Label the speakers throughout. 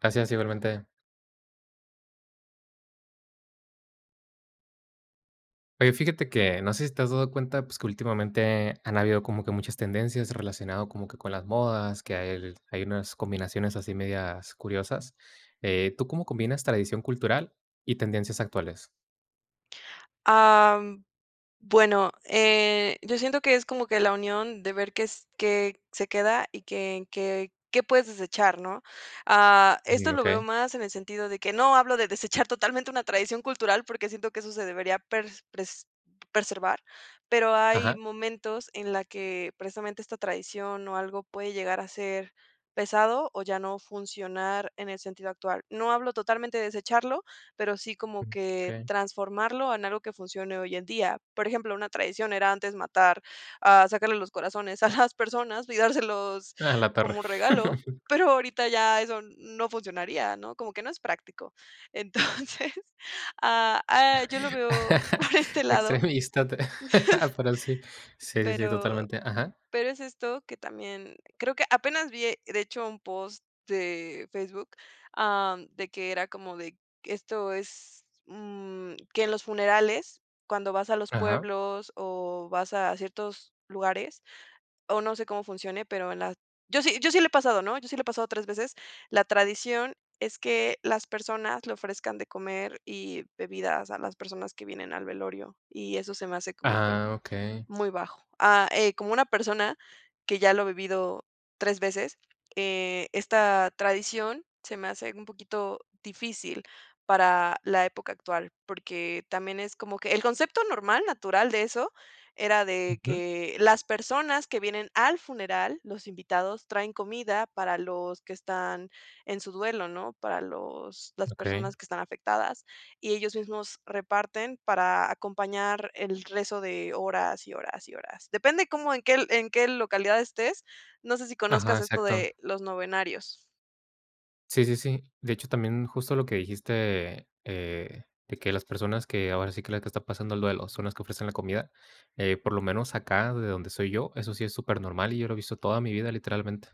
Speaker 1: Gracias, igualmente. Oye, fíjate que no sé si te has dado cuenta, pues, que últimamente han habido como que muchas tendencias relacionado como que con las modas, que hay hay unas combinaciones así medias curiosas. Eh, ¿tú cómo combinas tradición cultural y tendencias actuales?
Speaker 2: Am, bueno, eh, yo siento que es como que la unión de ver qué s qué se queda y qué en qué qué puedes desechar, ¿no? Ah, esto
Speaker 1: Mm,
Speaker 2: lo veo
Speaker 1: okey.
Speaker 2: más en el sentido de que no hablo de desechar totalmente una tradición cultural, porque siento que eso se debería pers pres preservar. Pero, hay
Speaker 1: Ajá.
Speaker 2: momentos en la que precisamente esta tradición o algo puede llegar a ser pesado o ya no funcionar en el sentido actual. No hablo totalmente de desecharlo, pero sí como que
Speaker 1: Okey.
Speaker 2: transformarlo en algo que funcione hoy en día. Por ejemplo, una tradición era antes matar, ah, sacarle los corazones a las personas y dárselos
Speaker 1: Ah, la perra.
Speaker 2: como regalo, pero ahorita ya eso no funcionaría, ¿no?, como que no es práctico. Entonces, ah, ah, yo lo veo por este lado.
Speaker 1: Extremista, pero sí. Sí, sí, sí,
Speaker 2: Pero
Speaker 1: totalmente. Ajá.
Speaker 2: pero es esto que también, creo que apenas vi, de hecho, un post de Facebook, am, de que era como de esto es, mm que en los funerales, cuando vas a los
Speaker 1: Ajá.
Speaker 2: pueblos o vas a ciertos lugares, o no sé cómo funcione, pero en la yo sí, yo sí le he pasado, ¿no?, yo sí le he pasado 3 veces. La tradición es que las personas le ofrezcan de comer y bebidas a las personas que vienen al velorio, y eso se me hace como que
Speaker 1: Ah, okey.
Speaker 2: muy bajo. Ah, eh, como una persona que ya lo ha vivido 3 veces, eh, esta tradición se me hace un poquito difícil para la época actual. Porque también es como que el concepto normal natural de eso era de
Speaker 1: Ujú.
Speaker 2: que las personas que vienen al funeral, los invitados, traen comida para los que están en su duelo, ¿no?, para los las
Speaker 1: Okey.
Speaker 2: personas que están afectadas y ellos mismos reparten para acompañar el rezo de horas y horas y horas. Depende como en qué en qué localidad estés. No sé si
Speaker 1: Ajá,
Speaker 2: conozcas esto
Speaker 1: exacto.
Speaker 2: de los novenarios.
Speaker 1: Sí, sí, sí. De hecho, también justo lo que dijiste, eh, de que las personas que ahora sí que las que están pasando el duelo son las que ofrecen la comida, eh, por lo menos acá, de donde soy yo, eso sí es supernormal y yo lo he visto toda mi vida, literalmente.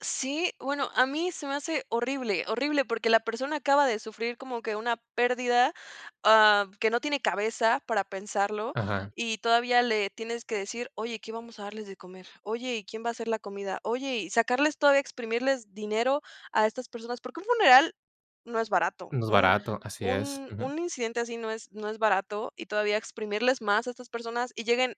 Speaker 2: Sí, bueno, a mí se me hace horrible, horrible, porque la persona acaba de sufrir como que una pérdida, ah, que no tiene cabeza para pensarlo,
Speaker 1: Ajá.
Speaker 2: y todavía le tienes que decir: "Oye, ¿qué vamos a darles de comer? Oye, ¿y quién va a hacer la comida? Oye". Y sacarles todavía exprimirles dinero a estas personas, porque un funeral no es barato,
Speaker 1: No es
Speaker 2: un
Speaker 1: barato, así es.
Speaker 2: un
Speaker 1: Ujú.
Speaker 2: un incidente así no es no es barato, y todavía exprimirles más a estas personas y lleguen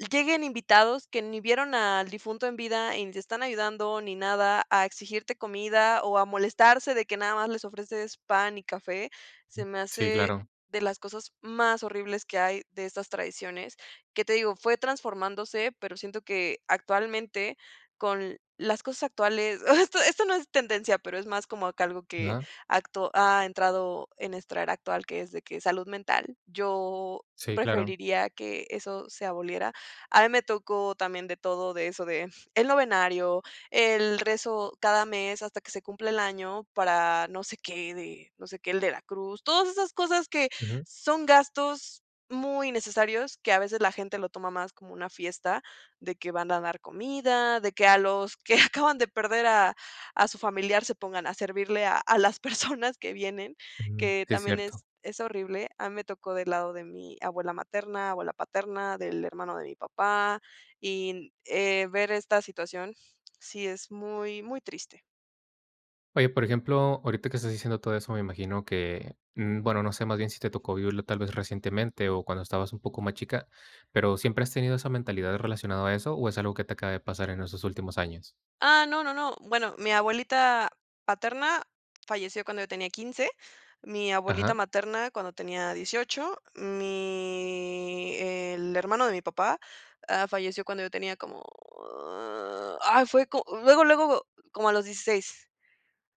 Speaker 2: y lleguen invitados que ni vieron al difunto en vida y ni te están ayudando ni nada, a exigirte comida o a molestarse de que nada más les ofreces pan y café, se me
Speaker 1: Sí,
Speaker 2: hace
Speaker 1: claro.
Speaker 2: de las cosas más horribles que hay de estas tradiciones, que te digo, fue transformándose, pero siento que actualmente con las cosas actuales ah, esto esto no es tendencia, pero es más como acá algo que
Speaker 1: Ajá.
Speaker 2: a acto ha entrado en esta era actual, que es de que es salud mental. Yo
Speaker 1: Sí, claro.
Speaker 2: preferiría que eso se aboliera. A mí me tocó también de todo, de eso de el novenario, el rezo cada mes hasta que se cumpla el año para no sé qué, de no sé qué, el de la cruz, todas esas cosas que
Speaker 1: Ujú.
Speaker 2: son gastos muy innecesarios, que a veces la gente lo toma más como una fiesta, de que van a dar comida, de que a los que acaban de perder a a su familiar se pongan a servirle a a las personas que vienen,
Speaker 1: Ujú,
Speaker 2: que
Speaker 1: sí, es
Speaker 2: también es
Speaker 1: cierto.
Speaker 2: es horrible. A mí me tocó del lado de mi abuela materna, abuela paterna, del hermano de mi papá, y n eh, ver esta situación sí es muy muy triste.
Speaker 1: Oye, por ejemplo, ahorita que estás diciendo todo eso, me imagino que, mm, bueno, no sé más bien si te tocó vivirlo tal vez recientemente o cuando estabas un poco más chica pero, ¿siempre has tenido esa mentalidad relacionado a eso o es algo que te acaba de pasar en esos últimos años?
Speaker 2: Ah, no, no, no, bueno, mi abuelita paterna falleció cuando yo tenía 15, mi abuelita
Speaker 1: Ajá.
Speaker 2: materna cuando tenía 18, mi el hermano de mi papá, ah, falleció cuando yo tenía como, ah, fue co luego luego como a los 16.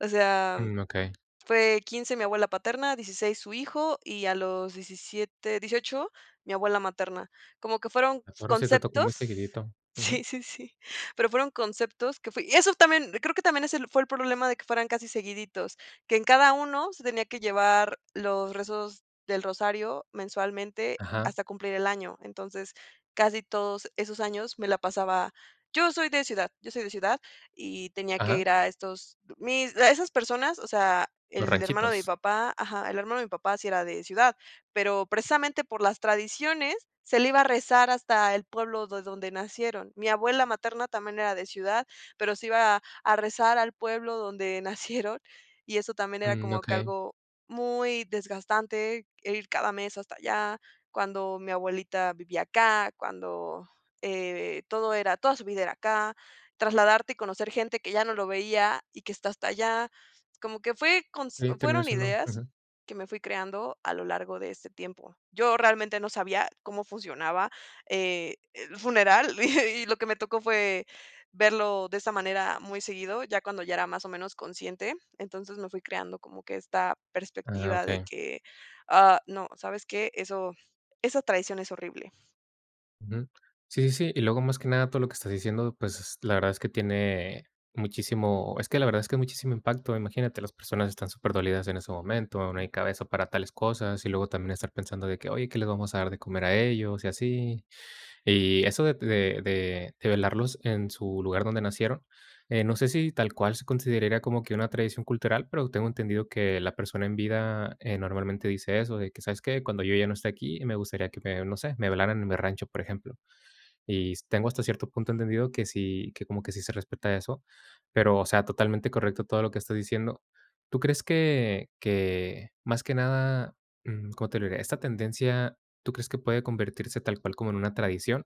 Speaker 2: O sea,
Speaker 1: Mm, okey.
Speaker 2: fue 15 mi abuela paterna, 16 su hijo, y a los 17 18 mi abuela materna. Como que fueron
Speaker 1: A torre sí te toco muy
Speaker 2: conceptos
Speaker 1: seguidito. Ujú.
Speaker 2: Sí, sí, sí. Pero fueron conceptos que fui Y eso también, creo que también es el fue el problema de que fueran casi seguiditos, que en cada uno se tenía que llevar los rezos del rosario mensualmente
Speaker 1: Ajá.
Speaker 2: hasta cumplir el año. Entonces, casi todos esos años me la pasaba Yo soy de ciudad, yo soy de ciudad y tenía que
Speaker 1: Ajá.
Speaker 2: ir a estos mis la esas personas, o sea,
Speaker 1: Los
Speaker 2: el hermano de mi
Speaker 1: ranchitos.
Speaker 2: papá. Ajá. El hermano de mi papá sí era de ciudad, pero precisamente por las tradiciones se le iba a rezar hasta el pueblo de donde nacieron. Mi abuela materna también era de ciudad, pero se iba a rezar al pueblo donde nacieron, y eso también era
Speaker 1: Mm,
Speaker 2: como que
Speaker 1: okey.
Speaker 2: algo muy desgastante, el ir cada mes hasta allá, cuando mi abuelita vivía acá, cuando, eh, todo era, toda su vida era acá, trasladarte y conocer gente que ya no lo veía y que está hasta allá, como que fue cons
Speaker 1: Y terminó
Speaker 2: fueron
Speaker 1: siendo
Speaker 2: ideas
Speaker 1: Ujú.
Speaker 2: que me fui creando a lo largo de este tiempo. Yo realmente no sabía cómo funcionaba, eh, el funeral, y lo que me tocó fue verlo de esa manera muy seguido, ya cuando ya era más o menos consciente. Entonces, me fui creando como que esta
Speaker 1: Ah,
Speaker 2: perspectiva de
Speaker 1: okey.
Speaker 2: que: "Ah, no ¿sabes qué? Eso esa tradición es horrible".
Speaker 1: Ujú. Sí, sí, sí, y luego, más que nada, todo lo que estás diciendo, pues, la verdad es que tiene muchísimo, es que la verdad es que es muchísimo impacto, imagínate, las personas están superdolidas en ese momento, no hay cabeza para tales cosas, y luego también estar pensando de que, oye, ¿qué les vamos a dar de comer a ellos? Y así. Y eso de de de de velarlos en su lugar donde nacieron. Eh, no sé si tal cual se consideraría como que una tradición cultural, pero tengo entendido que la persona en vida, eh, normalmente dice eso, de que: "¿Sabes qué? Cuando yo ya no esté aquí, me gustaría que me no sé, me velaran en el rancho", por ejemplo. Y tengo hasta cierto punto entendido que sí, que como que sí se respeta eso, pero o sea totalmente correcto todo lo que estás diciendo. ¿Tú crees que que más que nada?, mm, ¿cómo te lo diré? Esta tendencia, ¿tú crees que puede convertirse tal cual como en una tradición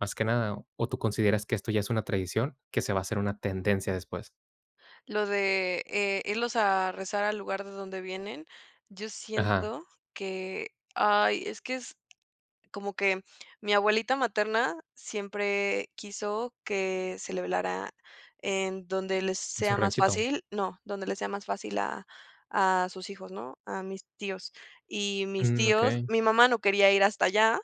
Speaker 1: más que nada? ¿O tú consideras que esto ya es una tradición, que se va a hacer una tendencia después?
Speaker 2: Lo de, eh, irlos a rezar al lugar de donde vienen, yo
Speaker 1: Ajá.
Speaker 2: siento que, ay, es que es como que mi abuelita materna siempre quiso que se le velara en donde les
Speaker 1: En su
Speaker 2: sea más
Speaker 1: ranchito.
Speaker 2: fácil, no, donde les sea más fácil a a sus hijos ¿no? A mis tíos. Y mis
Speaker 1: Mm,
Speaker 2: tíos,
Speaker 1: okey.
Speaker 2: mi mamá no quería ir hasta allá,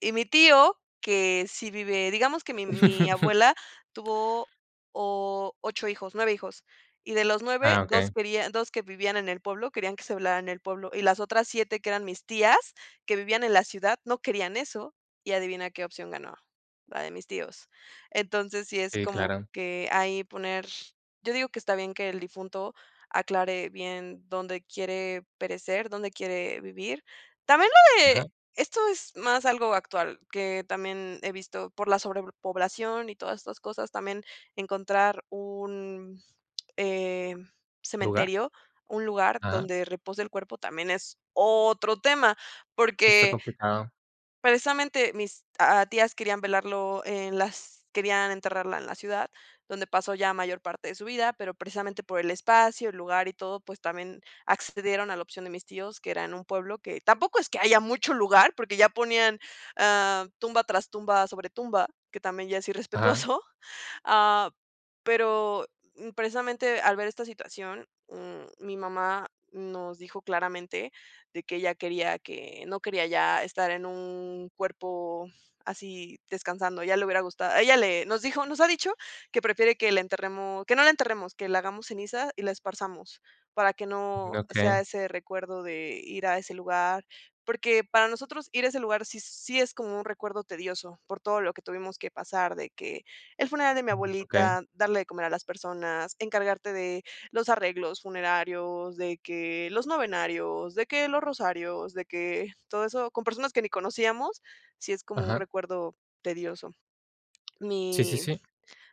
Speaker 2: y mi tío, que sí vive, digamos que mi mi abuela tuvo 8 hijos, 9 hijos, y de los 9,
Speaker 1: Ah, okey.
Speaker 2: 2 querían 2 que vivían en el pueblo, querían que se velara en el pueblo, y las otras 7 que eran mis tías, que vivían en la ciudad, no querían eso, y adivina qué opción ganó, la de mis tíos. Entonces, sí es
Speaker 1: Sí,
Speaker 2: como
Speaker 1: claro.
Speaker 2: que ahí poner, yo digo que está bien que el difunto aclare bien dónde quiere perecer, dónde quiere vivir. También lo de,
Speaker 1: Ajá.
Speaker 2: esto es más algo actual, que también he visto por la sobrepoblación y todas estas cosas, también encontrar un, eh,
Speaker 1: ¿Lugar?
Speaker 2: cementerio, un lugar
Speaker 1: Ajá.
Speaker 2: donde repose el cuerpo, también es otro tema,
Speaker 1: Sí, está
Speaker 2: porque
Speaker 1: complicado.
Speaker 2: precisamente mis ah, tías querían velarlo en las querían enterrarla en la ciudad, donde pasó ya mayor parte de su vida, pero precisamente por el espacio, el lugar y todo, pues también accedieron a la opción de mis tíos, que era en un pueblo que tampoco es que haya mucho lugar, porque ya ponían, eh, tumba tras tumba sobre tumba, que también ya es
Speaker 1: Ajá.
Speaker 2: irrespetuoso. Ah, pero precisamente al ver esta situación, mm, mi mamá nos dijo claramente de que ella quería que no quería ya estar en un cuerpo así descansando, a ella le hubiera gustado ella le nos dijo nos ha dicho que prefiere que la enterremos, que no la enterremos, que la hagamos ceniza y la esparzamos para que
Speaker 1: Mm,
Speaker 2: no sea
Speaker 1: okey.
Speaker 2: ese recuerdo de ir a ese lugar. Porque para nosotros ir a ese lugar sí sí es como un recuerdo tedioso, por todo lo que tuvimos que pasar, de que el funeral de mi
Speaker 1: Mm, okey.
Speaker 2: abuelita, darle de comer a las personas, encargarte de los arreglos funerarios, de que los novenarios, de que los rosarios, de que todo eso, con personas que ni conocíamos, sí es como un
Speaker 1: Ajá.
Speaker 2: recuerdo tedioso.
Speaker 1: Sí, sí,
Speaker 2: Mi,
Speaker 1: sí.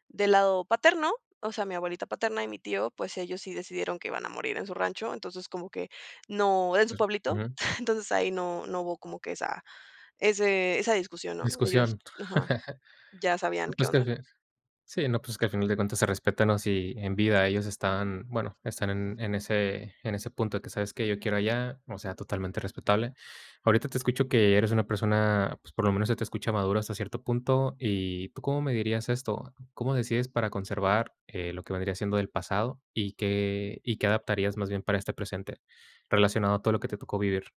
Speaker 2: del lado paterno, o sea, mi abuelita paterna y mi tío, pues, ellos sí decidieron que iban a morir en su rancho. Entonces, como que no, en su
Speaker 1: Mm,
Speaker 2: pueblito.
Speaker 1: ujú.
Speaker 2: Entonces, ahí no no hubo como que esa ese esa discusión, ¿no? Ellos
Speaker 1: Discusión.
Speaker 2: ajá, ya sabían
Speaker 1: No,
Speaker 2: qué
Speaker 1: pues
Speaker 2: onda.
Speaker 1: [unintelligible] Sí, no, pues que al final de cuentas se respeta, ¿no? Si en vida ellos están, bueno, están en en ese en ese punto de que, ¿sabes qué?, yo quiero allá, o sea, totalmente respetable. Ahorita te escucho que eres una persona, pues, por lo menos se te escucha madura hasta cierto punto y, ¿tú cómo medirías esto? ¿Cómo decides para conservar lo que vendría siendo del pasado? ¿Y qué y qué adaptarías más bien para este presente, relacionado a todo lo que te tocó vivir?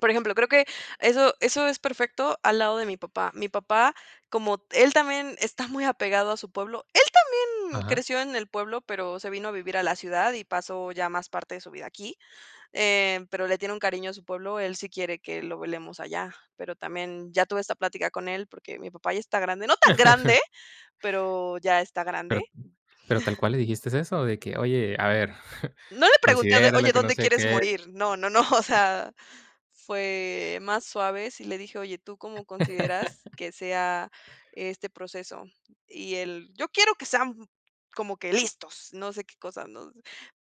Speaker 2: Por ejemplo, creo que eso eso es perfecto al lado de mi papá. Mi papá, como él también está muy apegado a su pueblo, él también
Speaker 1: Ajá.
Speaker 2: creció en el pueblo, pero se vino a vivir a la ciudad y pasó ya más parte de su vida aquí, eh, pero le tiene un cariño a su pueblo, él sí quiere que lo velemos allá. Pero también ya tuve esta plática con él porque mi papá ya está grande, no tan grande, pero ya está grande.
Speaker 1: ¿Pero pero tal cual le dijiste eso?, de que oye, a ver,
Speaker 2: No le pregunté de:
Speaker 1: considéralo
Speaker 2: "Oye,
Speaker 1: que no
Speaker 2: ¿dónde
Speaker 1: sé
Speaker 2: quieres
Speaker 1: qué.
Speaker 2: morir?". No, no, no, o sea, fue más suave, sí le dije: "Oye, ¿tú cómo consideras que sea este proceso?". Y él: "Yo quiero que sean como que listos, no sé qué cosas", ¿no?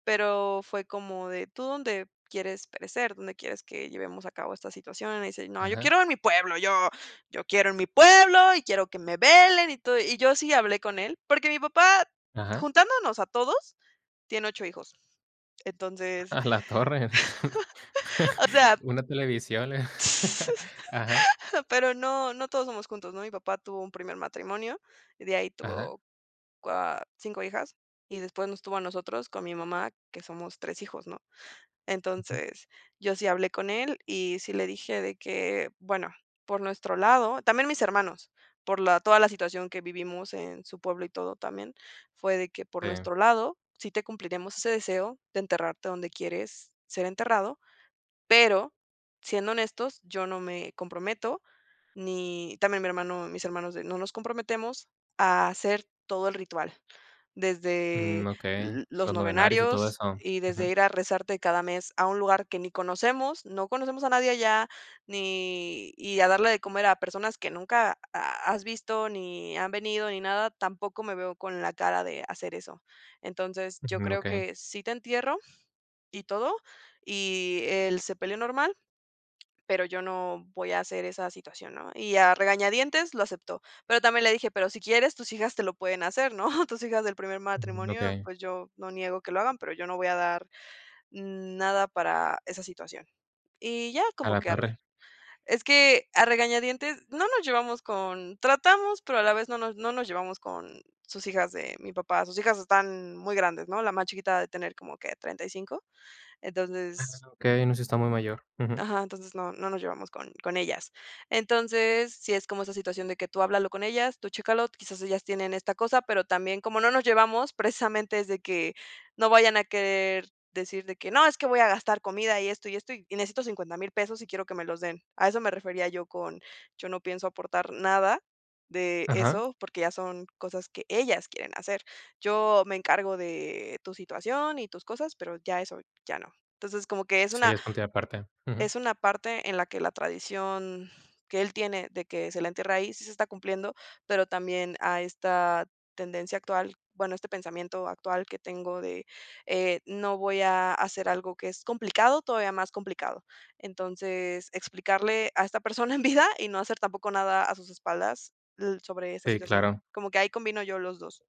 Speaker 2: Pero fue como de: "¿Tú dónde quieres perecer? ¿Dónde quieres que llevemos a cabo esta situación?". Y me dice: "No, yo
Speaker 1: Ajá.
Speaker 2: quiero en mi pueblo, yo yo quiero en mi pueblo, y quiero que me velen y todo". Y yo sí hablé con él, porque mi papá
Speaker 1: Ajá.
Speaker 2: juntándonos a todos, tiene 8 hijos. Entonces,
Speaker 1: ¡A la torre!
Speaker 2: o sea
Speaker 1: Una televisión le ajá.
Speaker 2: Pero no, no todos somos juntos, ¿no? Mi papá tuvo un primer matrimonio y de ahí
Speaker 1: Ajá.
Speaker 2: tuvo cua 5 hijas, y después nos tuvo a nosotros con mi mamá, que somos 3 hijos, ¿no?
Speaker 1: Ujú.
Speaker 2: Entonces, yo sí hablé con él y sí le dije de que: "Bueno, por nuestro lado" También mis hermanos, por la toda la situación que vivimos en su pueblo y todo también, fue de que: "Por
Speaker 1: Sí.
Speaker 2: nuestro lado, sí te cumpliriamos ese deseo de enterrarte donde quieres ser enterrado, pero siendo honestos, yo no me comprometo ni también mi hermano mis hermanos de no nos comprometemos a hacer todo el ritual.
Speaker 1: Mm,
Speaker 2: Desde
Speaker 1: okey.
Speaker 2: l los
Speaker 1: Los novenarios y todo
Speaker 2: novenarios
Speaker 1: eso
Speaker 2: y desde
Speaker 1: ujú.
Speaker 2: ir a rezarte cada mes a un lugar que ni conocemos, no conocemos a nadie allá, ni y a darle de comer a personas que nunca ha has visto ni han venido ni nada, tampoco me veo con la cara de hacer eso". "Entonces, yo
Speaker 1: Ujú,
Speaker 2: creo
Speaker 1: okey.
Speaker 2: que sí te entierro y todo, y el sepelio normal, pero yo no voy a hacer esa situación", ¿no? Y a regañadientes lo aceptó. Pero también le dije: "Pero si quieres, tus hijas te lo pueden hacer, ¿no?, tus hijas del primer matrimonio,
Speaker 1: Okey.
Speaker 2: pues yo no niego que lo hagan, pero yo no voy a dar nada para esa situación". Y ya
Speaker 1: A
Speaker 2: como
Speaker 1: la
Speaker 2: que
Speaker 1: torre.
Speaker 2: ar es que, a regañadientes no nos llevamos con tratamos, pero a la vez no nos no nos llevamos con sus hijas de mi papá. Sus hijas están muy grandes, ¿no?, la más chiquita ha de tener como que 35.
Speaker 1: Ah
Speaker 2: Entonces
Speaker 1: okey, no sí está muy mayor. Ujú.
Speaker 2: Ajá, entonces no, no nos llevamos con con ellas. Entonces, sí es como esa situación de que tú háblalo con ellas, tú chécalo, quizás ellas tienen esta cosa, pero también como no nos llevamos, precisamente es de que no vayan a querer decir de que: "No, es que voy a gastar comida y esto, y esto y necesito $50000 pesos y quiero que me los den". A eso me refería yo con: "Yo no pienso aportar nada de
Speaker 1: Ajá.
Speaker 2: eso, porque ya son cosas que ellas quieren hacer. Yo me encargo de tu situación y tus cosas, pero ya eso ya no". Entonces, como que es
Speaker 1: Sí,
Speaker 2: una
Speaker 1: es punto y aparte, ujú.
Speaker 2: es una parte en la que la tradición que él tiene de que se le entierre ahí sí se está cumpliendo, pero también a esta tendencia actual, bueno, este pensamiento actual que tengo de eh, no voy a hacer algo que es complicado, todavía más complicado. Entonces, explicarle a esta persona en vida y no hacer tampoco nada a sus espaldas l sobre esa
Speaker 1: Sí
Speaker 2: situación,
Speaker 1: claro.
Speaker 2: como que ahí combino yo los 2.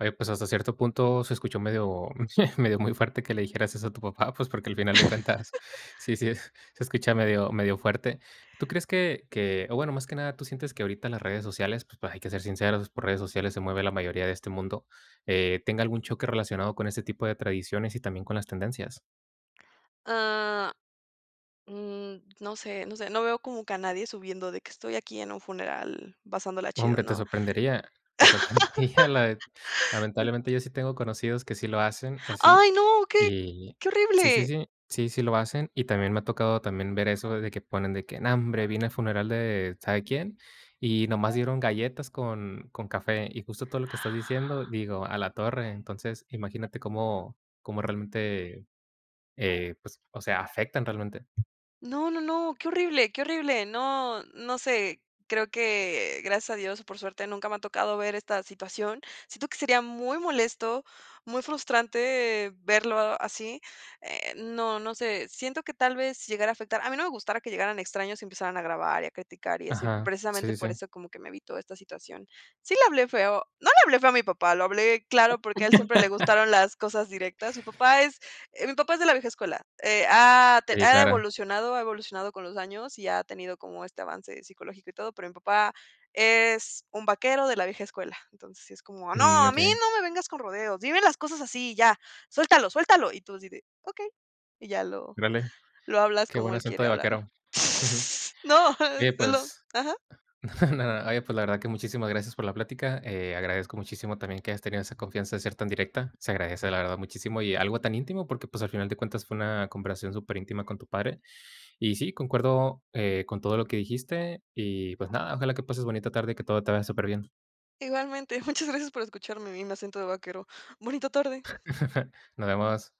Speaker 1: Oye, pues hasta cierto punto se escuchó medio, medio muy fuerte que le dijeras eso a tu papá, pues porque al final de cuentas sí, sí es se escucha medio, medio fuerte. ¿Tú crees que, que, o bueno, más que nada, tú sientes que ahorita las redes sociales, pues hay que ser sinceros, por redes sociales se mueve la mayoría de este mundo, eh, tenga algún choque relacionado con ese tipo de tradiciones y también con las tendencias?
Speaker 2: Ah, mm, no sé, no sé, no veo como que nadie subiendo de que estoy aquí en un funeral pasándola
Speaker 1: No
Speaker 2: chido,
Speaker 1: hombre, te
Speaker 2: ¿no?
Speaker 1: sorprendería, te sorprendería la de lamentablemente, yo sí tengo conocidos que sí lo hacen, así,
Speaker 2: ¡Ay no! ¡Qué
Speaker 1: y
Speaker 2: qué
Speaker 1: sí, sí,
Speaker 2: horrible!
Speaker 1: sí. Sí, sí lo hacen. Y también me ha tocado también ver eso de que ponen de que: "No, hombre, vine al funeral de sabe quién y nomás dieron galletas con, con café". Y justo todo lo que estás diciendo, digo: "A la torre". Entonces, imagínate cómo cómo realmente, eh, pues, o sea, afectan realmente.
Speaker 2: No, no, no, qué horrible, qué horrible. No, no sé, creo que gracias a Dios o por suerte, nunca me ha tocado ver esta situación. Siento que sería muy molesto, muy frustrante verlo así. Eh, no, no sé, siento que tal vez llegara a afectar, a mí no me gustara que llegaran extraños y empezaran a grabar y a criticar y eso,
Speaker 1: Ajá, sí,
Speaker 2: precisamente
Speaker 1: sí,
Speaker 2: por
Speaker 1: sí.
Speaker 2: eso como que me evito esta situación. Sí le hablé feo, no le hablé feo a mi papá, lo hablé claro porque a él siempre le gustaron las cosas directas. Mi papá es, eh, mi papá es de la vieja escuela. Eh, ha
Speaker 1: Sí,
Speaker 2: ha
Speaker 1: claro.
Speaker 2: evolucionado, ha evolucionado con los años y ha tenido como este avance psicológico y todo, pero mi papá es un vaquero de la vieja escuela. Entonces sí es como:
Speaker 1: Mm,
Speaker 2: "¡No, a mí
Speaker 1: okey.
Speaker 2: no me vengas con rodeos, dime las cosas así y ya, suéltalo, suéltalo!", y tú así de: "Okey", y ya lo,
Speaker 1: Órale,
Speaker 2: lo hablas
Speaker 1: qué
Speaker 2: como
Speaker 1: buen
Speaker 2: él
Speaker 1: acento
Speaker 2: quiere
Speaker 1: de
Speaker 2: hablarlo.
Speaker 1: vaquero. Ujú.
Speaker 2: No, es
Speaker 1: Oye,
Speaker 2: se lo
Speaker 1: pues
Speaker 2: ajá.
Speaker 1: no, nada. Oye, pues, la verdad que muchísimas gracias por la plática. Eh, agradezco muchísimo también que hayas tenido esa confianza de ser tan directa. Se agradece, la verdad, muchísimo. Y algo tan íntimo porque, pues, al final de cuentas fue una conversación superíntima con tu padre. Y sí, concuerdo con todo lo que dijiste y, pues, nada, ojalá que pases bonita tarde y que todo te vaya superbién.
Speaker 2: Igualmente, muchas gracias por escucharme y mi acento de vaquero. Bonita tarde.
Speaker 1: Nos vemos.